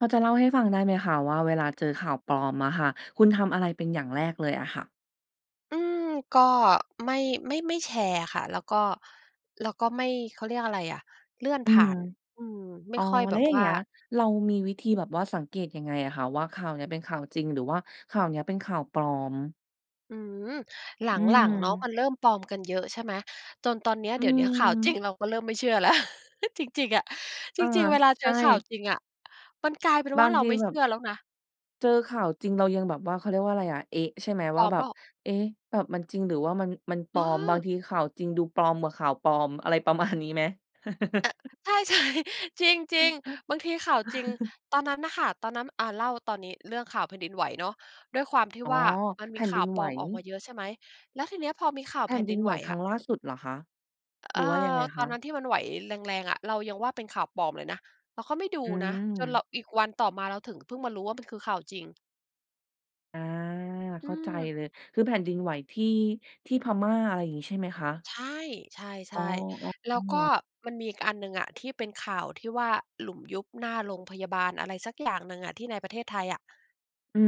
พอจะเล่าให้ฟังได้ไหมคะว่า เวลาเจอข่าวปลอมอะค่ะ คุณทำอะไรเป็นอย่างแรกเลยอะค่ะ? อืม ก็ไม่ ไม่ ไม่แชร์อะค่ะ แล้วก็ แล้วก็ไม่ เขาเรียกอะไรอะ เลื่อนอืผ่าม น อืม ไมอ่๋อ ค่อยแแลบ้วบอย่าวง่เงา ี้ย เรามีวิธีแบบว่าสังเกตยังไงอะคะ? ว่า ข่าวเนี้ยเป็นข่าวจริงหรือว่าข่าวเนี้ยเป็นข่าวปลอม อืม หลอืัง ๆ เนาะ ม มันเริ่มปลอมกันเยอะใช่ไหม จนตอนเนี้ย อืเอดี๋ยฮวเนี้ย ข่าวจริึ งเราก็เริ่มไม่เชื่อ แล้ว จริง ๆ อะ จอา ริง ๆ เวลาใเจชอข่าว่ จริงอะมันกลายเป็นบวา่า งเราทีไม่แบเชืบ ่อแล้วนะ เจอข่าวจริงเรายังแบบว่า เขาเรียกว่าไรอะ เอ๊ะ ใช่ไหมปว่ลา อมแบเปบ ล่า? เอ๊ะ แบบมันจริงหรือว่ามัน มันปเลอม บางออ ทีข่าวจริงดูปลอมกว่าข่าวปลอม อะไรประมาณนี้ไหม? เออ ใช่ ๆ จริง ๆ บางทีข่าวจริง ตอนนั้นน่ะค่ะ ตอนนั้น อ่า เล่าตอนนี้ เรื่องข่าวแผ่นดินไหวเนาะ ด้วยความที่อ๋อ ว่า มันแมผี่นขด่ิาวนไปหลว อมออกมาเยอะใช่ไหม แล้วทีเนี้ยพอมีข่าวแผแผ่่นนดดิินนไไหหววครัอ้ะ งล่าสุดเหรอคะ? อ เหรออ ือว่ายังไงตคอนนั้ะ? นที่มันไหวแรง ๆ อะ เรายังว่า เป็นข่าวปลอมเลยนะ เราก็ไม่ดูอืนะ จนเรา ม อีกวันต่อมาเราถึงเพิ่งมารู้ว่า มันคือข่าวจริง อา อืเข้าใจอ เลย คือแผ่นดินไหวที่ ที่พม่า อะไรอย่างงี้ใช่ไหมคะ? ใช่ ใชอ๋อ ่ อ้ๆ แล้วก็อ มันมีอีกอันหนึ่งอะ ที่เป็นข่าวที่ว่า หลุมยุบหน้าโรงพยาบาลอะไรสักอย่างหนึ่งอะ ที่ในประเทศไทยอะ อื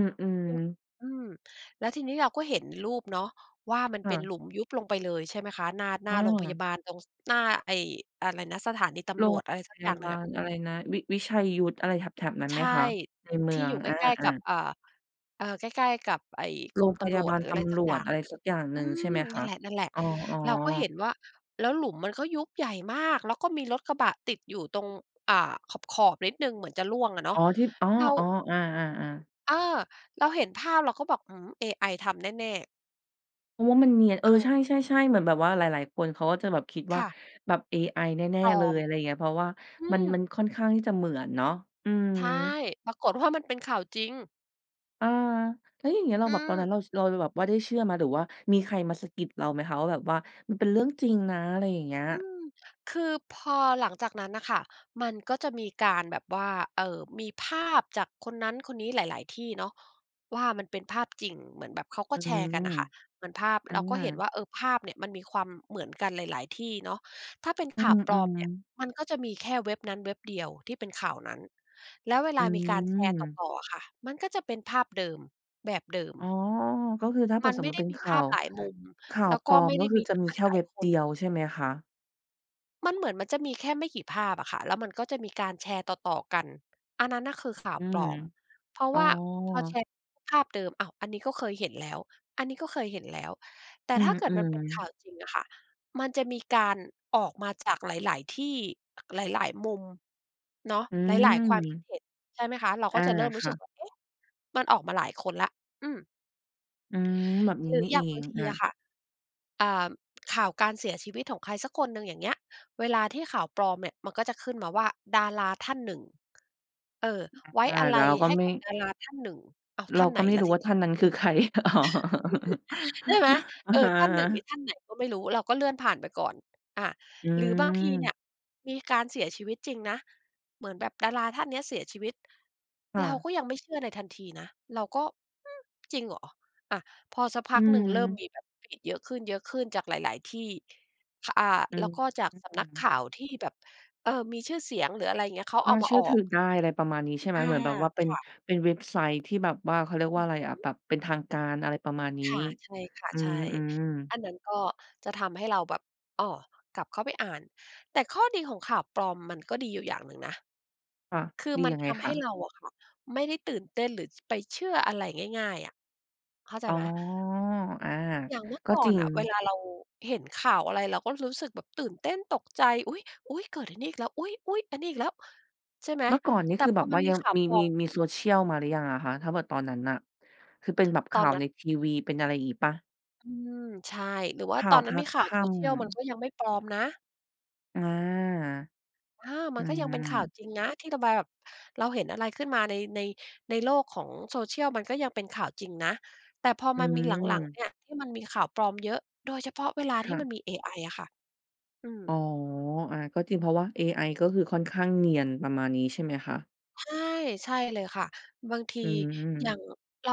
อ ๆ อืม แล้วทีนี้เราก็เห็นรูปเนาะ ว่ามันคเ่ป็นะ หลุมยุบลงไปเลยใช่ไหมคะ หน้า หน้อา้โรงพยาอ บาล ตรง ส หน้าไอ้อะไรนะ สถานีตโรำรงวจอะไรสพักยอยา่างหนบึ่างอะ ลอะไรนะ วิ วิชัยยุทธอะไรแถบ ๆ นั้นใไชหมค่ ะ ในเมทืีอ่ง อยู่ใกอา ล้ ๆ กับ ๆ อ่า เออ ใกล้ ๆ กับไอ้โกรรงมตพยำราวบจ าลหรืออตะไรสำัรกอวยจ ่าง อะไรสักอย่างหอนืึ่ง ใช่ไม หมคนั่ะ? นแหละ อ๋อ ๆ เราก็ๆ เห็นว่า แล้วหลุมมันก็ยุบใหญ่มาก แล้วก็มีรถกระบะติดอยู่ตรง อ่า ขอบ ๆ นิดหนึ่งเหมือนจะร่วงอะเนาอ๋ะ อ ที่ อ๋อ เรา ๆ อา ๆ ๆ เออ เราเห็นภาพเราก็บอก อืม เอไอทำแน่ ๆ เพราะว่ามันเนียน เอเอ ใออ ช่ ๆ ๆ เหมือนแบบว่าหลาย ๆ คนเขาก็จะแบบคิดวค่า่ะ แบบเอไอแน่ ปลๆ เลอย ม อะไรอย่างเงี้ย เพราะว่าอืมัน อ มันค่อนข้างที่จะเหมือนเนาะ อือ ใช่ ปรากฏ ว่า มันเป็นข่าวจริง เออ แล้วอย่างเงี้ยเราอืแบบตอนนั้ม นเรา ส เรา เราแบบว่าได้เชื่อไหม? หรือว่ามีใครมาสะกิดเราไหมคะ? ว่าแบบว่า มันเป็นเรื่องจริงนะ อะไรอย่างเงี้ย อืม คือพอหลังจากนั้นน่ะค่ะ มันก็จะมีการแบบว่า เอ่อ มีภาพจากคนนั้นคนนี้หลาย ๆ ที่เนาะ ว่ามันเป็นภาพจริง เหมือนแบบเขากอ็ืแชร์กันน่ะม ค่ะ เหมือนภาพอเราก็เห็นา ว่า เอ่อ ภาพเนี่ยมันมีความเหมือนกันหลาย ๆ ที่เนาะ ถ้าเป็นขอื่าวปลอมเนี่อ ย ๆ มันก็จะมีแค่เว็บนั้นเว็บเดียวที่เป็นข่าวนั้น แล้วเวลอาืมีการแชร์ตม ่อ ๆ อะค่ะ มันก็จะเป็นภาพเดิม แบบเดิม อ๋อ ก็คือถ้าเกิมันดสไมม่มุไตดิ้เป็นมีขภ่าาพว หลายมุม ข่าแวล้วปก็ลอไม ม่ไกด็้คืมอีจะจากมีหแค่ลาเวย ็บๆ คเดน ียวใช่ไหมคะ? มันเหมือนมันจะมีแค่ไม่กี่ภาพอะค่ะ แล้วมันก็จะมีการแชร์ต่อ ๆ กัน อันนั้นน่ะคือข่าอวืปลม อม เพราะอ๋วอ ่าพอแชร์ภาพเดิม อ้าว อันนี้ก็เคยเห็นแล้ว อันนี้ก็เคยเห็นแล้ว แต่อืถ้าเกิดมันเปม ็นข่ๆ าวจริงอะค่ะ มันจะมีการออกมาจากหลาย ๆ ที่ หลาย ๆ มุมเนาะ อืหลาย ๆ ความคิม ดเห็น ใช่ไหมคะ? เราอกา ็จะเริ่มรคู้ส่ึกะ ว่า เอ๊ะ มันออกมาหลายคนแล้ว อืม อืม แบบหนีร้ือนี่อยเอ่างบางงทีออะะ ค่ะ อ่า ข่าวการเสียชีวิตของใครสักคนหนึ่ง อย่างเงี้ย เวลาที่ข่าวปลอมเนี่ย มันก็จะขึ้นมาว่า ดาราท่านหนึ่ง เออ ไว้อา อาลเรัายก็ให้ไมก่ ับดาราท่านหนึ่ง อ้าว เรทา่านไหกน็ไม่ล่ระู้ทีวนี้ ่าท่านนั้นคือใคร? อ๋อ ใช่ไหม? อะเออ ฮท่านหนึ่งนีะ ่ท่านไหนก็ไม่รู้ เราก็เลื่อนผ่านไปก่อน อา อืหรือบางทีเนีม ่ย มีการเสียชีวิตจริงนะ เหมือนแบบดาราท่านเนี้ยเสียชีวิต ค่เราะ ก็ยังไม่เชื่อในทันทีนะ เราก็ อืม จริงเหรอ? อะ พอสักพอักหนึ่ง เริ่มืม มีแบบเยอะขึ้น ๆ จากหลาย ๆ ที่ คะ อ่า อืแล้วก็จากอ สำนักข่าวที่แบบ เออ มีชื่อเสียง หรืออะไรอย่างเงี้ย เขากเ็อามเาชื่ออถอืก อได้ อะไรประมาณนี้ ใช่ไหม? อา เหมือนแบบว่าเป็คน ่ะ เป็นเว็บไซต์ที่แบบว่า เขาเรียกว่าอะไรอะ แบบเป็นทางการ อะไรประมาณนี้ ค่ะ ใช่ค่ะ อืใช่ ม ๆ อันนั้นก็จะทำให้เราแบบ อ้อ กลับเข้าไปอ่าน แต่ข้อดีของข่าวปลอม มันก็ดีอยู่อย่างหนึ่งนะ ค่ะ คือดีมันยังไงทำคให้ะ? เราอะค่ะ ไม่ได้ตื่นเต้น หรือ ป-ไปเชื่ออะไรง่าย ๆ อะ เข้าใจอ๋อ ไหม? อา อย่างเมื่อกก็่อจรนิง น่ะ เวลาเราเห็นข่าวอะไรเราก็รู้สึกแบบตื่นเต้น ตกใจ อุ๊ย ๆ เกิดไอ้นี่อีกแล้ว อุ๊ย ๆ อันนี้อีกแล้ว ใช่ไหม? เมื่อก่อนนี้แต่คือพแบอบมวั่นามียังข่าวมี ปลอมี ม มี Social มาหรือยังอะคะ? ถ้าแบบตอนนั้นน่ะ คือเป็นแบบขตอ่านวนั้ใน นทีวี เป็นอะไรยังงี้เปล่า? อืม ใช่ หรือว่าข่ตาอวนนัภ้นามีคข่าคว ่social มันำ ก็ยังไม่ปลอมนะ อา อา มอันก็ยังเป็นข่าวา จริงนะ ที่เราแบ แบบ เราเห็นอะไรขึ้นมาใน ใน ในโลกของ social มันก็ยังเป็นข่าวจริงนะ แต่พออืมามีหลัง ๆ เอ นี่ยที่มันมีข่าวปลอมเยอะ โดยเฉพาะเวลคาที่่มัะ นมีเอไออะค่ะ อือ๋อ ม อา ก็จริง เพราะว่าเอไอก็คือค่อนข้างเนียน ประมาณนี้ ใช่ไหมคะ? ใช่ ใช่เลยค่ะ บางทีอือย่าม งเรา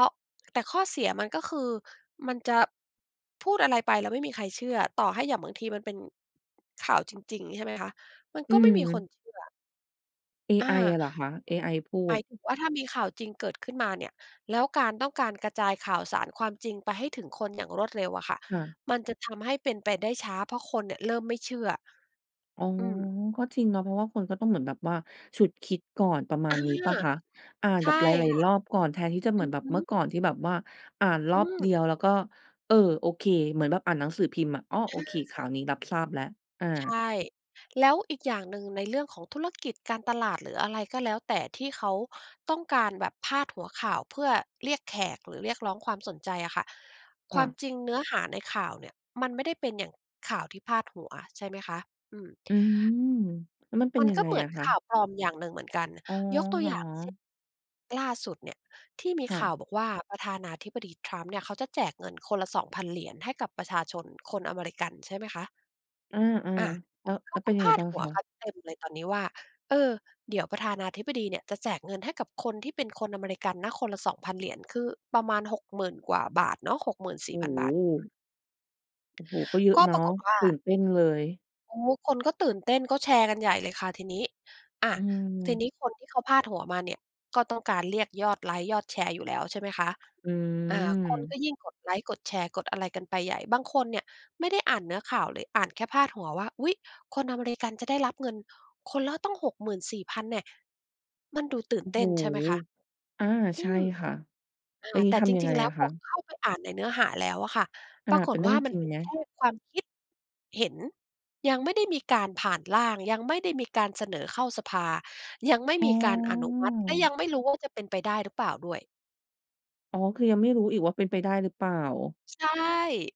แต่ข้อเสียมันก็คือ มันจะพูดอะไรไปแล้วไม่มีใครเชื่อ ต่อให้อย่างบางทีมันเป็น ข่าวจริง ๆ ใช่ไหมคะ มันอืก็ไม่มีคนม เชื่อ เออไอา อะเหรอคะ? เอไอพูหมาด ยถึงว่า ถ้ามีข่าวจริงเกิดขึ้นมาเนี่ย แล้วการต้องการกระจายข่าวสารความจริงไปให้ถึงคนอย่างรวดเร็วอะค่ะ ค่ะ มันจะทำให้เป็นไปได้ช้า เพราะคนเนี่ยเริ่มไม่เชื่อ อ๋อ อืม ก็จริงเนาะ เพราะว่าคนก็ต้องเหมือนแบบว่าฉุดคิดก่อน ประมอาา ณนี้เปล่าคะ? อ่านใชแบ่บหลาคย ่ะ ๆ รอบก่อน แทนที่จะเหอมืือนอแบฮบเมื่อึ ก่อนที่แบบว่าอ่านรอือบเดอ ียวแล้วก็ เออ โอเค เหมือนแบบอ่านหนังสือพิมพ์อะ อ้อ โออา เค ข่าวนี้รับทราบแล้ว อา ใช่ แล้วอีกอย่างหนึ่งในเรื่องของธุรกิจการตลาดหรืออะไรก็แล้วแต่ ที่เขาต้องการแบบพาดหัวข่าวเพื่อเรียกแขกหรือเรียกร้องความสนใจอะค่ะ คค่วามะ จริงเนื้อหาในข่าวเนี่ยมันไม่ได้เป็นอย่างข่าวที่พาดหัวใช่ไหมคะ อืม อือ แล้วมันเป็มนันยักง็ไงเหมืออนะคขะ? ่าวปลอมอย่างหนึ่งเหมือนกัน อ๋อ ยกตัเวหรอย่างเช่น อ? ล่าสุดเนี่ยที่มีค่ขะ ่าวบอกว่า ประธานาธิบดี Trump เนี่ย เขาจะแจกเงินคนละ 2,000 เหรียญให้กับประชาชนคนอเมริกัน ใช่ไหมคะ? อา อา ๆ แล้ว เขแล้าวเป็กน็ยังพไงาดบ้างหัควะ? กันเต็มเลยตอนนี้ว่า "เออ เดี๋ยวประธานาธิบดีเนี่ยจะแจกเงินให้กับคนที่เป็นคนอเมริกันนะ คนละ 2,000 เหรียญ" คือประมาณ 60,000 กว่าบาทเนาะ หกหมื่นสโอี่้พันโบาท อืฮ ม โอ้โฮ ก็เยอะก็เนาปะ รากฏว่า ตื่นเต้นเลย โอ้ คนก็ตื่นเต้น ก็แชร์กันใหญ่เลยค่ะทีนี้ อะ อืทีม นี้คนที่เขาพาดหัวมาเนี่ย ก็ต้องการเรียกยอดไลก์ยอดแชร์อยู่แล้วใช่ไหมคะ ออา คนกืม ็ยิ่งกดไลก์กดแชร์กดอะไรกันไปใหญ่ บางคนเนี่ยไม่ได้อ่านเนื้อข่าวเลย อ่านแค่พาดหัวว่า อุ๊ย คนอเมริกันจะได้รับเงินคนละตั้ง 64,000 แน่ะ มันดูตื่นโอ้เตโ้ฮ นใช่ไหมคะ อา อใืช่ม ค่ะ อา แล้วงแีต้่ทจำยังริไง งๆ แล้อวะพคอะ? เข้าไปอ่านในเนื้อหาแล้วอะค่ะ อปา รากเป็ฏนเรืว่่อา งมจันริเงป็นไหม? แค่ความคิด เห็น ยังไม่ได้มีการผ่านร่าง ยังไม่ได้มีการเสนอเข้าสภา ยังไม่อ๋มีการอนุมัติ แล้วยอ ังไม่รู้ว่า จะเป็นไปได้หรือเปล่าด้วย อ๋อ คือยังไม่รู้อีกว่า เป็นไปได้หรือเปล่า? ใช่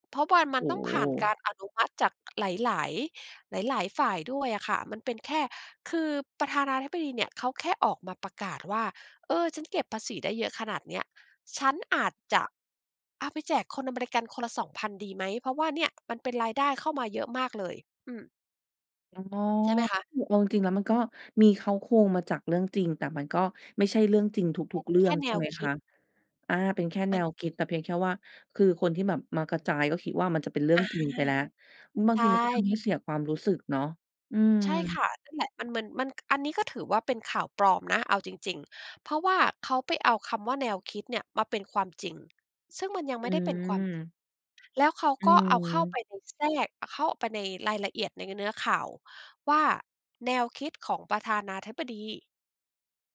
เพราะว่ามัโอน้ต้อโงผ่านกฮ ารอนุมัติจากหลาย ๆ หลาย ๆ ฝ่ายด้วยอะค่ะ มันเป็นแค่ คือประธานาธิบดีเนี่ยเขาแค่ออกมาประกาศว่า "เออ ฉันเก็บภาษีได้เยอะขนาดเนี้ย ฉันอาจจะเอาไปแจกคนอเมริกันคนละ 2,000 ดีไหม? เพราะว่าเนี่ยมันเป็นรายได้เข้ามาเยอะมากเลย" อืม อ๋อ ใช่ไหมคะ? เอาจริง ๆ แล้วมันก็มีเค้าโครงมาจากเรื่องจริง แต่มันก็ไม่ใช่เรื่องจริงทุก ๆ เรื่แคอ่ง แในช่ไวหมคคิะ? ด อา เป็นแค่แมนัน วคิด แต่เพียงแค่ว่า คือคนที่แบบมากระจายก็คิดว่า มันจะเป็นเรื่อองา จริงไปแล้ว อือ บาใงชทีมันก็ท่ ำให้เสียความรู้สึกเนาะ อืม ใช่ค่ะ นั่นแหละ มัน มัน มัน ก อันนี้ก็ถือว่า เป็นข่าวปลอมนะ เอาจริง ๆ เพราะว่าเขาไปเอาคำว่า "แนวคิด" เนี่ย มาเป็นความจริง ซึ่งมันยังอไืม่ได้เป็นความจริง อ แล้วเขาอืก็เอาเข้าไปม ใน แทรก อะ เข้าไปในรายละเอียด ในเนื้อข่าวว่า แนวคิดของประธานาธิบดี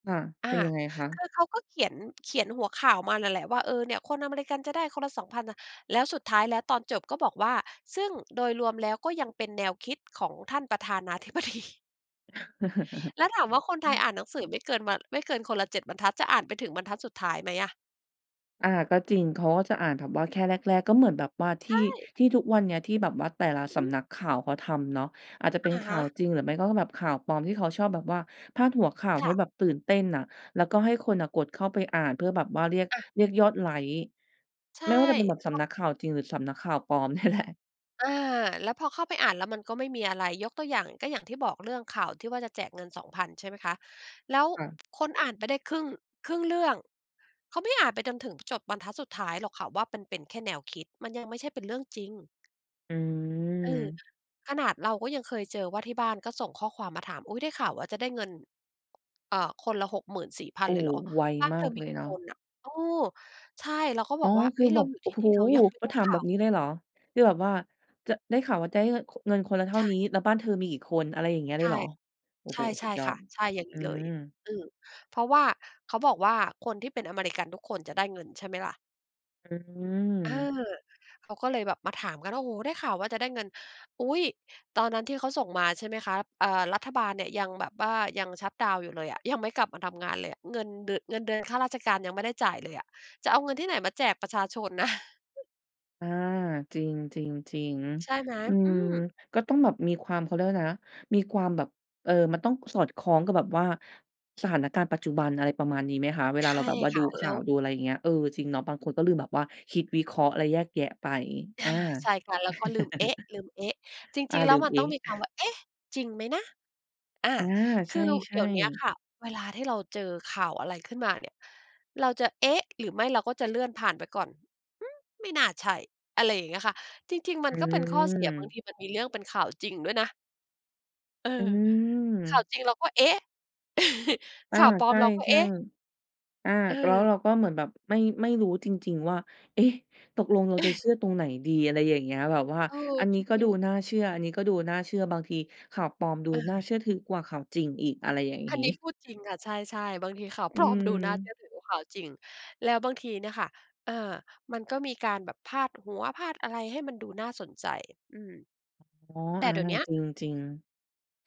ค่ะ อา เป็นยังไงคะ? คือเขาก็เขียน เขียนหัวข่าวมานั่นแหละว่า "เออ เนี่ยคนอเมริกันจะได้คนละ 2,000 น่ะ" แล้วสุดท้าย แล้วตอนจบก็บอกว่า "ซึ่งโดยรวมแล้วก็ยังเป็นแนวคิดของ ท่านประธานา...ธิบดี" แล้วถามว่า คนไทยอ่านหนังสือไม่เกินวัน ไม่เกินคนละ 7 บรรทัด จะอ่านไปถึงบรรทัดสุดท้ายไหมอะ? อา ก็จริง เขาก็จะอ่านแบบว่าแค่แรก ๆ ก็เหมือนแบบว่าทใชี่ ่ ที่ทุกวันเนี้ยที่แบบว่าแต่ละอืสอฮึ ำนักข่าวเขาทำเนาะ อาจจะเป็นอะขฮ่าวะ จริงหรือไม่ก็แบบข่าวปลอม ที่เขาชอบแบบว่าพาดหัวข่าวคใ่ห้ะ แบบตื่นเต้นน่ะ แล้วก็ให้คนน่ะกดเข้าไปอ่านเพื่อแบบว่าเรียก อะ เรียกยอดไลก์ ใช่ ไม่ว่าจะเป็นแบบเสพราำะ นักข่าวจริงหรือสำนักข่าวปลอม เนี่ยแหละ อ่า แล้วพอเข้าไปอ่านแล้ว มันก็ไม่มีอะไร ยกตัวอย่างก็อย่างที่บอก เรื่องข่าวที่ว่าจะแจกเงิน 2,000 ใช่ไหมคะ แล้วค่ะ คนอ่านไปได้ครึ่ง ครึ่งเรื่อง เขาไม่อ่านไปจนถึงจบรรทัดสุดท้ายหรอกค่ะว่า มันเป็นแค่แนวคิด มันยังไม่ใช่เป็นเรื่องจริง อืเออ ม ขนาดเราก็ยังเคยเจอว่า ที่บ้านก็ส่งข้อความมาถาม อุ๊ย ได้ข่าวว่าจะได้เงิน อ่า คนละ หกหมื่นสี่พัโอน ้ เลยเหรอ? ไวบ้านมาเธอกมเีลยกี่เนาคะ นน่ะ? เออ ใช่เราก็อบ๋อ อกว่า คเือ๊อะ เแรบาบ อยู่โอท้ี่โนฮ ี่เรายังไม่เขไาด้ถาขม่แาบบวนี้เลเย ลยเหรอ คือแบบว่า ด ได้ข่าวว่าได้เยอะ ค เงินคนละเท่ใชานี่ ้ แล้วบ้านเธอมีกี่คน อะไรอย่างเงี้ยเใลชย่ เหรอ? โอ้ใโฮ สชุ่ ดยอๆ ค่ด ะ ใช่อย่างอืนี้เลย ม อือ เพราะว่า เขาบอกว่าคนที่เป็นอเมริกันทุกคนจะได้เงินใช่ไหมล่ะ? อเอืม อ เขาก็เลยแบบมาถามกันว่า โอ้โฮ ได้ข่าวว่าจะได้เงิน อุ๊ย ตอนนั้นที่เขาส่งมา ใช่ไหมคะ อ่า รัฐบาลเนี่ยยังแบบว่ายังชัตดาวน์อยู่เลยอะ ยังไม่กลับมาทำงานเลยอะ เงินเดือน เงินเดือนข้าราชการยังไม่ได้จ่ายเลยอะ จะเอาเงินที่ไหนมาแจกประชาชนน่ะ อา จริง ใช่ๆ ไหม? ๆ อือืม ม ก็ต้องแบบมีความ เขาเรียกว่าอะไรนะ มีความแบบ เออ มันต้องสอดคล้องกับแบบว่า สถานการณ์ปัจจุบัน อะไรประมาณนี้ไหมคะ? เวลใาชเรา่แบบว่าคดู่ะ ขแล้่าว วดูอะไรอย่างเงี้ย เออ จริงเนาะ บางคนก็ลืมแบบว่าคิด วิเคราะห์ และแยกแยะไป ออา า ใช่ค่ะ แล้วก็ลืม เอ๊ะ ลืม เอ๊ะ จอริา ง ๆ แลล้ืวม มันเอต๊้องะ มีคำว่า "เอ๊ะ" จริงไหมนะ อ่า อา คใือชเดี่ ๋ยวเนี้ยๆ ค่ะ เวลาที่เราเจอข่าวอะไรขึ้นมาเนี่ย เราจะ "เอ๊ะ" หรือไม่เราก็จะเลื่อนผ่านไปก่อน อืม ไม่น่าใช่ อะไรอย่างเงี้ยค่ะ จริง ๆ มอันก็เป็นข้อเสีย บางืม ทีมันมีเรื่องเป็นข่าวจริงด้วยนะ เออ อืข่าวม จริงเราก็ เอ๊ะ อขา ่าวปลอใชมเราก็ เอ่ ๊ะ ๆ อา แล้วเออ เราก็เหมือนแบบไม่ ไม่รู้จริง ๆ ว่า เอ๊ะ ตกลงเราจะเชื่อตรงไหนดี? อะไรอย่างเงี้ย แบบว่าเออ อันนจี้ก็ริดูง ๆ น่าเชื่อ อันนี้ก็ดูน่าเชื่อ บางทีข่าวปลอมดูอน่าา เชื่อถือกว่าข่าวจริงอีก อะไรอย่างงอันีนี้้ พูดจริงค่ะ ใช่ ๆ บางทีข่าว อปลอม ดูน่าเชืืม ่อถือกว่าข่าวจริง แล้วบางทีเนี่ยค่ะ อา มันก็มีการแบบพาดหัว พาดอะไรให้มันดูน่าสนใจ อืม อ๋อ แต่อา เดี๋ยวเนี้ย จริง ๆ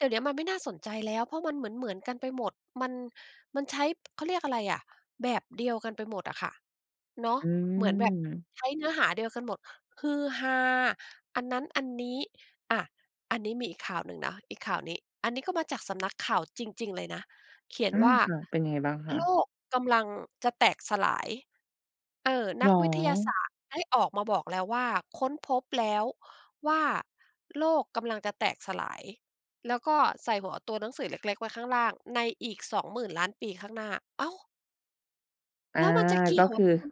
เดี๋ยวเนี้ยมันไม่น่าสนใจแล้ว เพราะมันเหมือน ๆ กันไปหมด มัน มันใช้ เขาเรียกอะไรอะ แบบเดียวกันไปหมดอะค่ะ เนาะ อืหมือนแบบม ใช้เนื้อหาเดียวกันหมด ฮือฮา อันนั้นอันนี้ อะ อันนี้มีอีกข่าวหนึ่งนะ อีกข่าวนี้ อันนี้ก็มาจากสำนักข่าวจริง ๆ เลยนะ เขียนอา ว่า ค่ะ เป็นไงบ้างคะ? "โลกกำลังจะแตกสลาย" เออ นเหรักวิทยาศอ? าสตร์ได้ออกมาบอกแล้วว่า "ค้นพบแล้วว่าโลกกำลังจะแตกสลาย" แล้วก็ใส่หัวตัวหนังสือเล็ก ๆ ไว้ข้างล่าง "ในอีก 20,000,000,000 ปีข้างหน้า" อ้าว! อา แล้วมันจะเกี่ก็ยว คอ ือ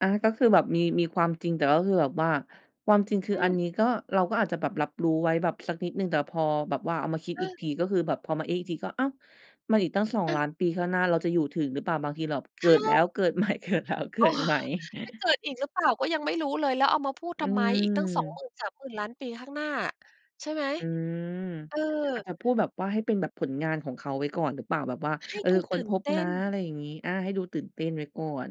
อา ก็คือแบบมี มีความจริง แต่ก็คือแบบว่า ความจริงคือออันือ นี้ก็ เราก็อาจจะแบบรับรู้ไว้แบบสักนิดหนึ่ง แต่พอแบบว่าเอามาคิดเอีกออ ทีก็คือแบบ พอมา เอ๊ะ อีกทีก็ อ้าว มันอีกตั้ง สองเอลอ ้าน ปีข้างหน้า เราจะอยู่ถึงหรือเปล่า? บางทีเราแบบเใกชิดแล้่ ว เกิดใหม่ เกิดแล้ว เกโิอ้ ดใหม่ จะเกิดอีกหรือเปล่าก็ยังไม่รู้เลย แล้วเอามาพูดอืทำไม? อีกตั้ง สองหมม ื่นสามหมื่นล้าน ปีข้างหน้า ใช่ไหม? อืม เออ อาจจะพูดแบบว่า ให้เป็นแบบผลงานของเขาไว้ก่อนหรือเปล่า? แบบว่า ให้เออ ดูคต้ืน่พนบเตน้ะ น อะไรอย่างงี้ อา ให้ดูตื่นเต้นไว้ก่อน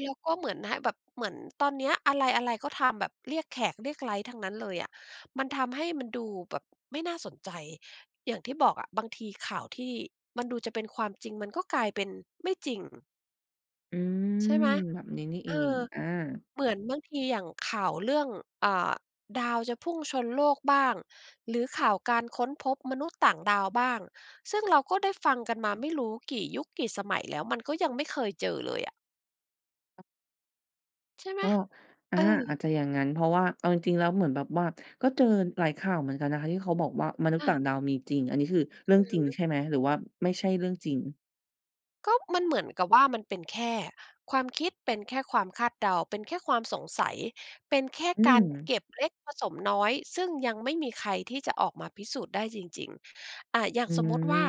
แล้วก็เหมือนให้แบบ เหมือนตอนเนี้ย อะไร ๆ ก็ทำแบบเรียกแขก เรียกไลก์ทั้งนั้นเลยอะ มันทำให้มันดูแบบไม่น่าสนใจ อย่างที่บอกอะ บางทีข่าวที่มันดูจะเป็นความจริงมันก็กลายเป็นไม่จริง อืใชม ่ไหม? แบบนี้นี่เเออง อ อา เหมือนบางทีอย่างข่าวเรื่อง อ่า ดาวจะพุ่งชนโลกบ้าง หรือข่าวการค้นพบมนุษย์ต่างดาวบ้าง ซึ่งเราก็ได้ฟังกันมาไม่รู้กี่ยุค กี่สมัยแล้ว มันก็ยังไม่เคยเจอเลยอะ ใช่ไหม? ก็ อเอา อาอ จจะอย่างงั้น เพราะว่าเอาจริง ๆ แล้วเหมือนแบบว่า ก็เจอหลายข่าวเหมือนกันนะคะที่เขาบอกว่า มนุษยอ์ต่า างดาวมีจริง อันนี้คือเรอื่องือจริงฮึ ใช่ไหม? หรือว่าไม่ใช่เรื่องจริง? ก็มันเหมือนกับว่า มันเป็นแค่ความคิด เป็นแค่ความคาดเดา เป็นแค่ความสงสัย เป็นแค่อืการเม ก็บเล็กผสมน้อย ซึ่งยังไม่มีใครที่จะออกมาพิสูจน์ได้จริง ๆ อา อย่างอืสมมุติว่า อ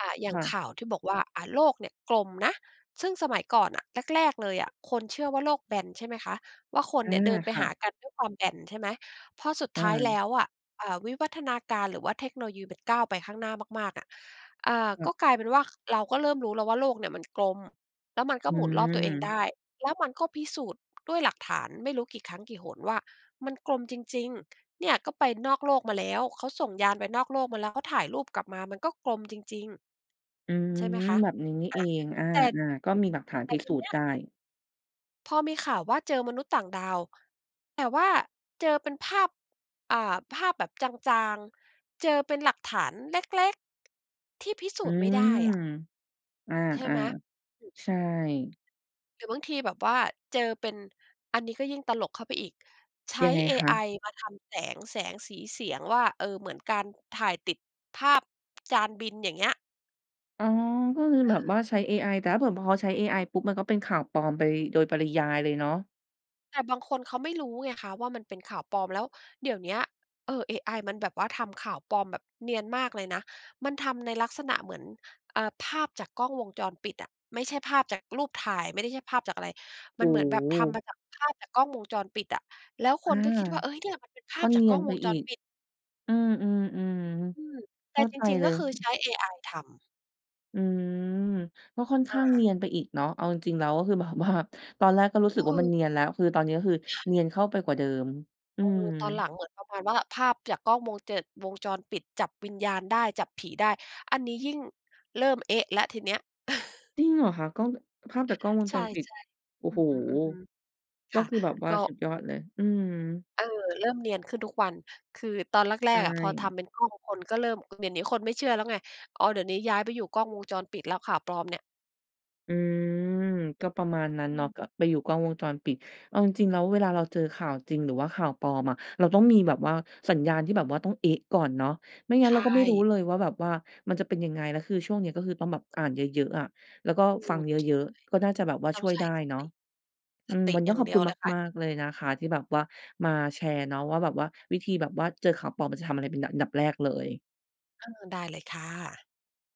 อ่า อย่คาง่ะ ข่าวที่บอกว่า อ่า โลกเนี่ยกลมนะ ซึ่งสมัยก่อนน่ะ แรก ๆ เลยอะคนเชื่อว่าโลกแบนใช่ไหมคะ ว่าคนอเา นี่ยเดินไปค่หะ ากันด้วยความแบนใช่ไหม พอสุดอท้ายแลา ้วอะ อ่า วิวัฒนาการหรือว่าเทคโนโลยี มันก้าวไปข้างหน้ามาก ๆ อะ อ่า ค่กะ ็กลายเป็นว่า เราก็เริ่มรู้แล้วว่า โลกเนี่ยมันกลม แล้วมันกอ็ืหมุนรอบตัวเองไดม ้ แล้วมันก็พิสูจน์ด้วยหลักฐานไม่รู้กี่ครั้งกี่หนว่า มันกลมจริง ๆ เนี่ยก็ไปนอกโลกมาแล้ว เขาส่งยานไปนอกโลกมาแล้ว เขาถ่ายรูปกลับมา มันก็กลมจริง อือ ๆ ใช่ไหมคะ? แบบนี้นี่อะ เอง อา แต่ ๆ ก็มีอหลืักฐาม นแตพ่ิทสีูเนจีน้์ไดย ้ พอมีข่าวว่า เจอมนุษย์ต่างดาว แต่ว่าเจอเป็นภาพ อ่า ภาพแบบจาง ๆ เจอเป็นหลักฐานเล็ก ๆ ที่พิสอูืจน์ไม่ได้ม อะ อา ใช่ไหม? อืม ๆ ใช่ หรือบางทีแบบว่าเจอเป็น อันนี้ก็ยิ่งตลกเข้าไปอีก ใช้ยังไงเอคไอะ? มาทำแสง แสง สี เสียง ว่า เออ เหมือนการถ่ายติดภาพ จานบิน อย่างเงี้ย อ๋อ ก็คือเแบบว่าออ ใช้เอไอ แต่ถ้าเผื่อ พอใช้เอไอปุ๊บ มันก็เป็นข่าวปลอมไปโดยปริยายเลยเนาะ แต่บางคนเขาไม่รู้ไงคะว่า มันเป็นข่าวปลอม แล้วเดี๋ยวเนี้ย เออ เอไอมันแบบว่าทำข่าวปลอมแบบเนียนมากเลยนะ มันทำในลักษณะเหมือน อ่า ภาพจากกล้องวงจรปิดอะ ไม่ใช่ภาพจากรูปถ่าย ไม่ได้ ใช่ภาพจากอะไร โอมั้นเหมือนแบบโทำมฮ าจากภาพจากกล้องวงจรปิดอะ แล้วคอา นก็คิดว่า เฮ้ย เนี่ยมันเป็นภกา็พจเนากีกลย้อนงไปวงจอีรก ปิด อือ อืๆ ม ๆ เแขต่้าจใจริง เๆ ลก็ย คือใช้เอไอทำ อืม ก็ค่อนขอ้างเา นียนไปอีกเนาะ เอาจริง ๆ แล้วก็คือแบบว่า ตอนแรกก็รู้อสืึกว่า มัม นเนียนแล้ว คือ ตอนนี้ก็คือเนียนเข้าไปกว่าเดิม อืเอม อ ตอนหลังเหมือนประมาณว่า ภาพจากกล้องวงเจิด วงจรปิดจับวิญญาณได้ จับผีได้ อันนี้ยิ่งเริ่ม เอ๊ะ แล้วทีเนี้ย จริงเหรอคะ? กล้อง ง ภาพจากกล้องวงใชจ่ รปิด โอ้ๆ อืโฮ อฮึ ๆ กค็่ะ คือแบบว่กา็ สุดยอดเลย อืม เออ เริ่มเนียนขึ้นทุกวัน คือตอนแใรชก ๆ อะพอท่ ำเป็นกล้อง คนก็เริ่ม อือ เดี๋ยวนี้คนไม่เชื่อแล้วไง อ๋อ เดี๋ยวนี้ย้ายไปอยู่กล้องวงจรปิดแล้ว ข่าวปลอมเนี่ย อืม ก็ประมาณนั้นอืเนาะ ก็ม ไปอยู่กล้องวงจรปิด เอาจริง ๆ แล้วเวลาเราเจอข่าวจริงหรือว่าข่าวปลอมอะ เราต้องมีแบบว่าสัญญาณที่แบบว่าต้อง เอ๊ะ ก่อนเนาะ ไม่งั้ใชนเราก็ไม่รู้่ เลยว่า แบบว่ามันจะเป็นยังไง แล้วคือ ช่วงนี้ก็คือต้องแบบอ่านเยอะ ๆ อะ แล้วก็อืฟม ังเยอะ ๆ ก็น่าจะแบบว่าใช่ ต้อชง่วยใชไ้ด้สเนาตะ ิ สอืม ติวันนอี้ยก่า็งขเอดบีคยวุณเลยค่ะ มาก ๆ เลยนะคะที่แบบว่ามาแชร์เนาะว่า แบบว่าวิธีแบบว่าเจอข่าวปลอมเราจะทำอะไรเป็นดะ ดับแรกเลย เออ ได้เลยค่ะ